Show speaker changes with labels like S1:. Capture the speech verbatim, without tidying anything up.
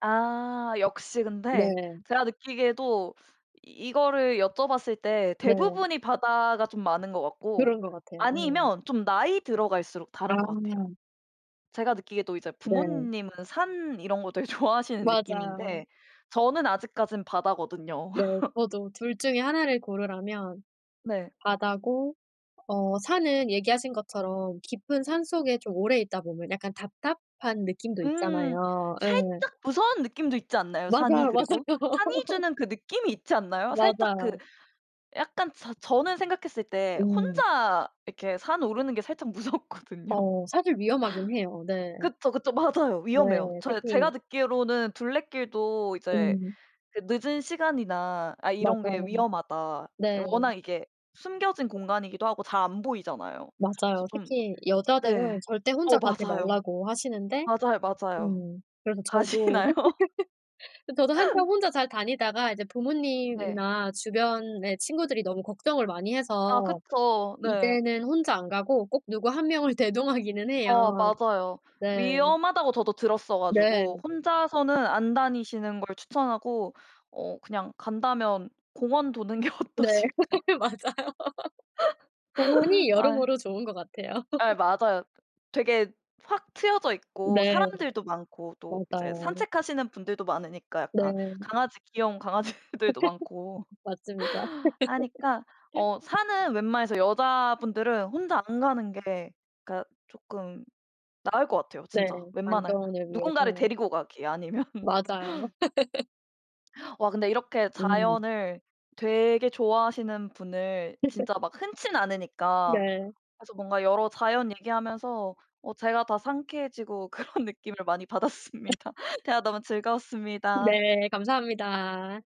S1: 아 역시 근데
S2: 네.
S1: 제가 느끼기에도 이거를 여쭤봤을 때
S2: 네.
S1: 대부분이 바다가 좀 많은 것 같고
S2: 그런 거 같아요. 음.
S1: 아니면 좀 나이 들어갈수록 다른 것 같아요.
S2: 아.
S1: 제가 느끼기에도 이제
S2: 네.
S1: 부모님은 산 이런 거 되게 좋아하시는
S2: 맞아요.
S1: 느낌인데 저는 아직까지는 바다거든요.
S2: 네 저도 둘 중에 하나 를 고르라면
S1: 네.
S2: 바다고 어 산은 얘기하신 것처럼 깊은 산속에 좀 오래 있다 보면 약간 답답한 느낌도
S1: 음,
S2: 있잖아요. 예.
S1: 살짝 무서운 느낌도 있지 않나요, 산이
S2: 맞아요,
S1: 그리고?
S2: 맞아요.
S1: 산이 주는 그 느낌이 있지 않나요? 살짝 그
S2: 맞아요.
S1: 약간 저 저는 생각했을 때
S2: 음.
S1: 혼자 이렇게 산 오르는 게 살짝 무섭거든요.
S2: 어 사실 위험하긴 해요. 네.
S1: 그쵸, 그쵸. 맞아요.
S2: 네.
S1: 위험해요. 저
S2: 특히
S1: 제가 듣기로는 둘레길도 이제
S2: 음.
S1: 그 '늦은 시간이나 아 이런 게
S2: 맞아요.
S1: 위험하다.'
S2: 네.
S1: 워낙 이게 숨겨진 공간이기도 하고 잘 안 보이잖아요. 그래서
S2: 맞아요.
S1: 좀
S2: 특히
S1: 네.
S2: 여자들은 절대
S1: 어
S2: 혼자 가지
S1: 맞아요.
S2: 말라고 하시는데,
S1: 맞아요, 맞아요.
S2: 음 그래서 저도
S1: 가시나요?
S2: 저도 한참 혼자 잘 다니다가 이제
S1: 네.
S2: 부모님이나 주변에 친구들이 너무 걱정을 많이
S1: 아
S2: 해서
S1: 그쵸. 네.
S2: 이제는 혼자 안 가고 꼭 누구 한 명을 대동하기는
S1: 어
S2: 해요.
S1: 맞아요.
S2: 네.
S1: 위험하다고 저도 들었어
S2: 네.
S1: 가지고 혼자서는 안 다니시는 걸 추천하고, 어 그냥 간다면 공원 도는 게
S2: 네,
S1: 어떠실까?
S2: 맞아요. 공원이
S1: 아이.
S2: 여러모로 좋은 것 같아요.
S1: 예 맞아요. 되게 확 트여져있고
S2: 네.
S1: 사람들도 많고 또 이제
S2: 맞아요.
S1: 산책하시는 분들도 많으니까 약간
S2: 네.
S1: 강아지 귀여운 강아지들도 많고
S2: 맞습니다.
S1: 하니까 어 산은 웬만해서 여자분들은 혼자 안 가는 게 그니까 조금 나을 것 같아요.
S2: 네.
S1: 진짜 웬만하면
S2: 안전을
S1: 누군가를
S2: 위해서.
S1: 데리고 가기 아니면.
S2: 맞아요.
S1: 와 근데 이렇게
S2: 음.
S1: 자연을 되게 좋아하시는 분을 진짜 막 흔치는 않으니까
S2: 네.
S1: 그래서 뭔가 여러 자연 얘기하면서 어 제가 다 상쾌해지고 그런 느낌을 많이 받았습니다. 대화 너무 즐거웠습니다.
S2: 네, 감사합니다.